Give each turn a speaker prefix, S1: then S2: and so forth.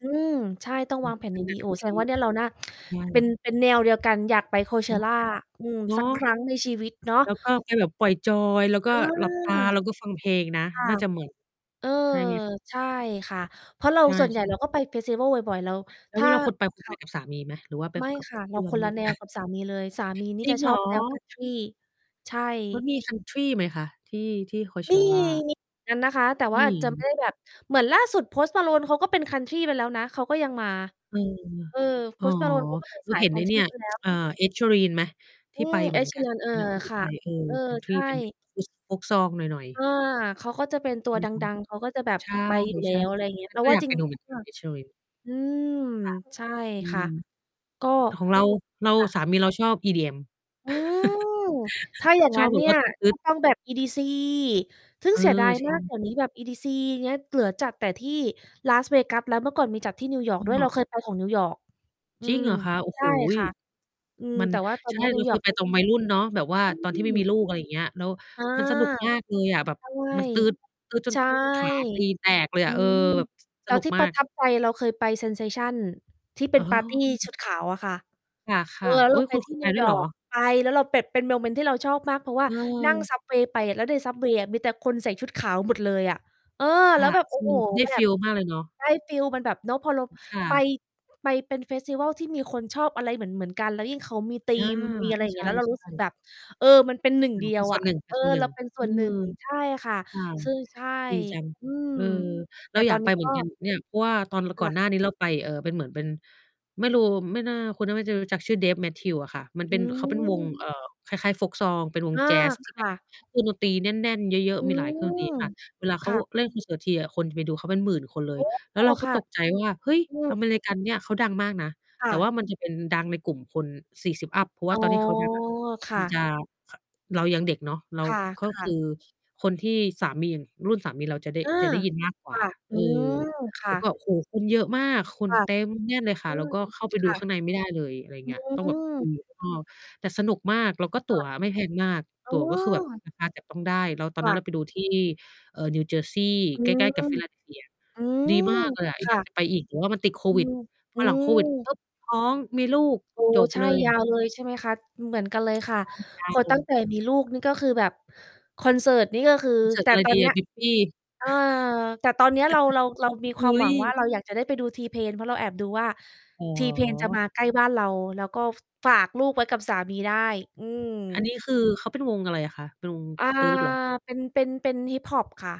S1: อืม ใช่ ต้อง
S2: อื
S1: วา
S2: ม
S1: งแผ่น
S2: ก
S1: อย่าง
S2: ำล
S1: ด
S2: ั
S1: ี
S2: ง
S1: โอ้
S2: ด
S1: แส
S2: ี
S1: ดงว่าเนี่ย เราน่า
S2: ใช
S1: เป็น
S2: ่
S1: เป็นแนว เดียวกัน อยากไป
S2: เนาะ
S1: Coachella
S2: ใช
S1: อื
S2: ่
S1: ม
S2: เนา
S1: สักค
S2: ะ
S1: รั้ง ในชีวิตเนาะ
S2: แล้วก็ไปแบบปล่อยจอย แล้วก
S1: เอ
S2: ็
S1: อ
S2: หลับตา แล้วก็ฟังเพลงนะ
S1: ค่ะ
S2: น่าจะเหมือน
S1: เออ
S2: ใช่ไหม
S1: ใช่ค่ะ เพราะเรา
S2: ใช่
S1: ส่วนใ
S2: ใ
S1: ห
S2: ช
S1: ญ่
S2: ่ไห
S1: เร
S2: ม
S1: าก็ไปเฟสติวัลบ่อย ๆ เรา
S2: แล้
S1: ถ
S2: วเ
S1: ้
S2: ว
S1: า
S2: ลาคุณไป คุ
S1: ค
S2: ณไป
S1: ่ะ
S2: กับสามีไหม? หรือว่าไป
S1: ไม่
S2: กับ
S1: ค่ะ เ
S2: เพ
S1: รา
S2: ื่อน
S1: คน
S2: น
S1: ละ
S2: ู่น
S1: แนวกับสามี เลย สามีนี
S2: จ
S1: ่
S2: ริ
S1: จ
S2: ง
S1: ะ
S2: เ
S1: ช
S2: หร
S1: อ
S2: อ?
S1: บ แนวคันทรี ใช่
S2: แล้วมีคันทรีไหมคะ? ที่ ที่
S1: มี
S2: Coachella
S1: มีเหมือนกัน นะคะ แต่ว
S2: ม
S1: ่า
S2: ี
S1: อาจจะ ไม่
S2: ย
S1: ได้แบบ เหมือนล่าสุด Post Malone เขาก็เป็นคันทรีไปแล้วนะ เขาก็ยังมา
S2: เออ
S1: เออ
S2: อ๋อ
S1: Post Malone เขาก็เป็น
S2: เร
S1: ส
S2: า
S1: าย
S2: เห็น
S1: ค
S2: ไ
S1: ั
S2: อ้
S1: นท
S2: เน
S1: รี
S2: ี่ย
S1: ไปแล้ว
S2: อ่า Ed Sheeran ไหม? ท
S1: อื
S2: ี่ไป
S1: ม
S2: เหมื
S1: Ed
S2: อนกัน
S1: Sheeran เออ
S2: อันนั้นเขาก็
S1: ค่
S2: ไ
S1: ะ
S2: ป เออ
S1: เออ
S2: คันท
S1: ใช
S2: รี
S1: ่
S2: เป็นแบบอุซ โฟล์กซองหน่อย
S1: เอ
S2: ๆ
S1: อ เขา เขาจะเป็น ตั
S2: ใช่
S1: ว
S2: ไหม
S1: ด
S2: คะ
S1: ัง ๆ เขาก็จะแบบ
S2: ใช่
S1: ไปอยู่แล้ว อะ
S2: ๆ
S1: ไรอย่างเงี้ย
S2: เห็นอันนั้
S1: เร
S2: น
S1: า
S2: ก็
S1: ว่
S2: อ
S1: า
S2: ยาก
S1: จริ
S2: ไป
S1: ง
S2: ดูเหมือนก
S1: ค
S2: ั
S1: ่
S2: น
S1: ะ
S2: Ed Sheeran
S1: อืม
S2: ค่ะ
S1: ใช่
S2: อื
S1: ค่
S2: ม
S1: ะ ก็
S2: ของเรา เรา
S1: ค่ะ
S2: สามีเราชอบ EDM
S1: อืม ถ้าอย่าง
S2: ช
S1: น
S2: อ
S1: ั้
S2: บ
S1: น
S2: แบ
S1: เน
S2: บ
S1: ี่
S2: ว่
S1: ย
S2: าตึ
S1: ก
S2: ๊
S1: ็
S2: ด ๆ
S1: ต้องแบบ EDC ซึ่ง
S2: เออ
S1: เสียดาย
S2: ใช
S1: มา
S2: ่
S1: ก เดี๋ยวนี้แบบ EDC อย่างเงี้ย เหลือจัดแต่ที่ Las Vegas แล้ว เมื่อก่อนมีจัดที่นิวยอร์ก ด้ว
S2: อ
S1: ย
S2: ๋
S1: เ
S2: อ
S1: ราเคยไปของนิวยอร์ก อื
S2: จริง
S1: ม
S2: เหรอคะ? โอ้
S1: ใช
S2: โฮ
S1: ่ค่ะ อืม
S2: มัน
S1: แต่ว่าตอ
S2: ใ
S1: น
S2: ช
S1: นี
S2: ่
S1: ้น
S2: เ
S1: ิ
S2: รา
S1: ว
S2: เ
S1: ย
S2: ค
S1: อร์ก
S2: ยไปตอนวัยรุ่นเนาะ แบบว่าตอน
S1: อ
S2: ท
S1: ื
S2: ี่ไม่มี
S1: ม
S2: ลูก อะไรอย่างเงี้ย แล้ว
S1: อา
S2: มันสนุกมากเลยอะ แบบ
S1: ใช่
S2: มันตื๊ด ตื๊ดจ
S1: ใ
S2: น
S1: ช่
S2: ขา ตีนแตกเลย
S1: อ
S2: อ
S1: ื
S2: ะ เออ
S1: ม
S2: แบบ
S1: แ
S2: ส
S1: ล้
S2: น
S1: ว
S2: ุก
S1: ที่
S2: ม
S1: ป
S2: า
S1: ระ
S2: ก
S1: ทับใจ เราเคยไป Sensation ที่เป
S2: อ
S1: ็
S2: ๋
S1: น
S2: อ
S1: ปาร์ตีชุดขาว อะค่ะ
S2: ค
S1: เอ
S2: ่
S1: อ
S2: ะ
S1: แล้ว
S2: ๆ อุ
S1: เร
S2: ๊
S1: า
S2: ย
S1: ไป
S2: คุณ
S1: ท
S2: ค
S1: ี
S2: ุ
S1: ่
S2: ณไป
S1: นิว
S2: ด้ว
S1: ย
S2: ยเ
S1: อ
S2: หรอ?
S1: ร์ก ไปแล้วเราเปบ เป็นโมเมนต์ที่เราชอบมาก เพราะว่านั่ง
S2: เออ
S1: ซับเวย์ ไปอะ แล้วใน ซับเวย์ อะมีแต่คนใส่ชุดขาวหมดเลยอะ เออ
S2: ค
S1: แล้
S2: ่
S1: ว
S2: ะ
S1: แบบ โอ
S2: ค
S1: ้
S2: ื
S1: โฮ
S2: อได้
S1: แบ
S2: ฟิ
S1: บ
S2: ล มากเลยเนาะ
S1: ได้ฟีล มันแบบเนาะพอเรา
S2: ค่
S1: ไป
S2: ะ
S1: ไปเป็นเฟสติวัลที่มีคนชอบอะไรเหมือน ๆ กัน แล้วยิ่งเขามีธี
S2: อา
S1: มมี อะไรอย่า
S2: ใ
S1: ง
S2: ช
S1: เงี้
S2: ่
S1: ย แล้วเรารู้สึก
S2: ๆ
S1: แบบ เออ มันเป็นหนึ่ง
S2: อ๋
S1: เดี
S2: อ เป
S1: ย
S2: ็น
S1: ว
S2: ส
S1: อ
S2: ่วน
S1: ะ
S2: หนึ
S1: เออ เ
S2: ่
S1: ร
S2: ง
S1: าเป็น
S2: ๆ
S1: ส
S2: เอ
S1: ่
S2: อ
S1: วนหนึ่ง ใช่ค่ะ
S2: ค่ะ
S1: ซึ่ง ใช่
S2: ดีจัง
S1: อืม
S2: เออ เ
S1: แต
S2: รา
S1: ่
S2: อย
S1: ตอ
S2: าก
S1: นน
S2: ไ
S1: ี
S2: ป
S1: ้
S2: เหม
S1: ก
S2: ือ
S1: ็
S2: นกันเนี่ย เพราะว่าตอน ร
S1: ค
S2: ก่อ
S1: ่
S2: น
S1: ะ
S2: หน้านี้เราไป เอ่อ เป็นเหมือน เป็น ไม่รู้ ไม่น่า คุณน่าไม่จะรู้จักชื่อ Dave Matthews อะค่ะ มันเ
S1: อ
S2: ป
S1: ื
S2: ็น เขาเป็นวง
S1: ม
S2: เอ่อ คล้าย ๆ โฟล์กซอง เป็นว
S1: อ
S2: ง
S1: า
S2: แจ๊สท
S1: ค
S2: ี่แบ
S1: ่
S2: บ
S1: ะ
S2: เครื่องดนตรีแน่น ๆ เยอะ
S1: อื
S2: ๆ มีหลายเครื่องดนตรี
S1: ม
S2: ค่ะ เวลาเ
S1: ค
S2: ขา
S1: ่ะ
S2: เล่นคอนเสิร์ตทีอะคนจะไปดูเขาเป็นหมื่นคนเล
S1: โอ
S2: ย
S1: ้
S2: แล้วเราก็
S1: ค่ะ
S2: ตกใจว่า เฮ้ย
S1: อืม
S2: อเมริกันเนี่ย เขาดังมากนะ
S1: ค
S2: แ
S1: ่
S2: ต่ว
S1: ะ
S2: ่ามันจะเป็นดังในกลุ่มคน 40 อัป เพราะว
S1: อ
S2: ่
S1: ๋
S2: า
S1: อ
S2: ตอนที่เขาดังอะ
S1: ค
S2: ม
S1: ่
S2: ันจ
S1: ะ
S2: ะ ข เรายังเด็กเนาะ เรา
S1: ค่
S2: ก็ค
S1: ะ
S2: ื
S1: ๆ
S2: อคนที่สามี รุ่นสามีเราจะได้
S1: อา
S2: จะได้ยินมากกว
S1: ค
S2: ่
S1: ่
S2: า
S1: ะ อ
S2: เ
S1: ื
S2: ออ
S1: ม ค
S2: แ
S1: ่
S2: ล้วก
S1: ะ
S2: ็ โอ้โฮ คนเยอะมาก ค
S1: ค
S2: น
S1: ่ะ
S2: เต็มแน่นเลยค่
S1: อื
S2: ะ แล้ว
S1: ม
S2: ก็เข้าไปด
S1: ค
S2: ู
S1: ่
S2: ข้
S1: ะ
S2: างในไม่ได้เลย อะไร
S1: อื
S2: เงี้ย ต้องแบบดู
S1: ม
S2: อยู่ข้างนอก แต่สนุกมาก แล้วก็
S1: ค
S2: ตั
S1: ่
S2: ๋
S1: ะ
S2: วไม่แพงมาก
S1: อื
S2: ตั๋วก็คือแบบ
S1: ม
S2: ราคาจับต้องได้ แล้วตอ
S1: ค
S2: นน
S1: ่
S2: ั้
S1: ะ
S2: นเราไปดูที่นิวเจอร์ซีย์
S1: อื
S2: ใกล้
S1: ม
S2: ๆ กับ Philadelphia
S1: อืม
S2: ดีมากเลยอะ ไอ
S1: ค
S2: อย
S1: ่
S2: าก
S1: ะ
S2: จะไปอีก แต่ว่ามันติดโค
S1: อื
S2: วิด
S1: ม
S2: พ
S1: อื
S2: อหลังโควิด
S1: ม
S2: ปุ๊บ ท้อง มีลูก
S1: โอ้
S2: จบ
S1: ใช่
S2: เลย
S1: ย
S2: อ
S1: า
S2: ะ
S1: วเลย ใช่ไหมคะ เหมือนกันเลยค่ะ
S2: ใช่ ยา
S1: พ
S2: ว
S1: อ
S2: เล
S1: ตั้ง
S2: ย
S1: แต่มีลูก นี่ก็คือแบบคอนเสิร์ตนี่ก็คือ
S2: คอนเสิร์
S1: แ
S2: ต
S1: ต่
S2: อะไร
S1: ตอ
S2: ดี
S1: นเน
S2: อ
S1: ี้
S2: ะ
S1: ย
S2: Miffy
S1: เออ แต่ตอนเนี้ย เรา เรา เรามีค
S2: เฮ
S1: วาม
S2: ้
S1: หวั
S2: ย
S1: งว่าเรา อยากจะได้ไปดู T-Pain เพราะเราแอบดูว่า
S2: อ๋
S1: T-Pain จะ
S2: อ
S1: มาใกล้บ้านเรา แล้วก็ ฝ ฝากลูกไว้ กับสามีได้ อื
S2: อัน
S1: ม
S2: นี้ คือ เขาเป็นวงอะไรอะคะ? เป็นวง
S1: อ่า
S2: ตื๊ดเหรอ?
S1: เป็น เป็น เป็นฮิปฮอปค่ะ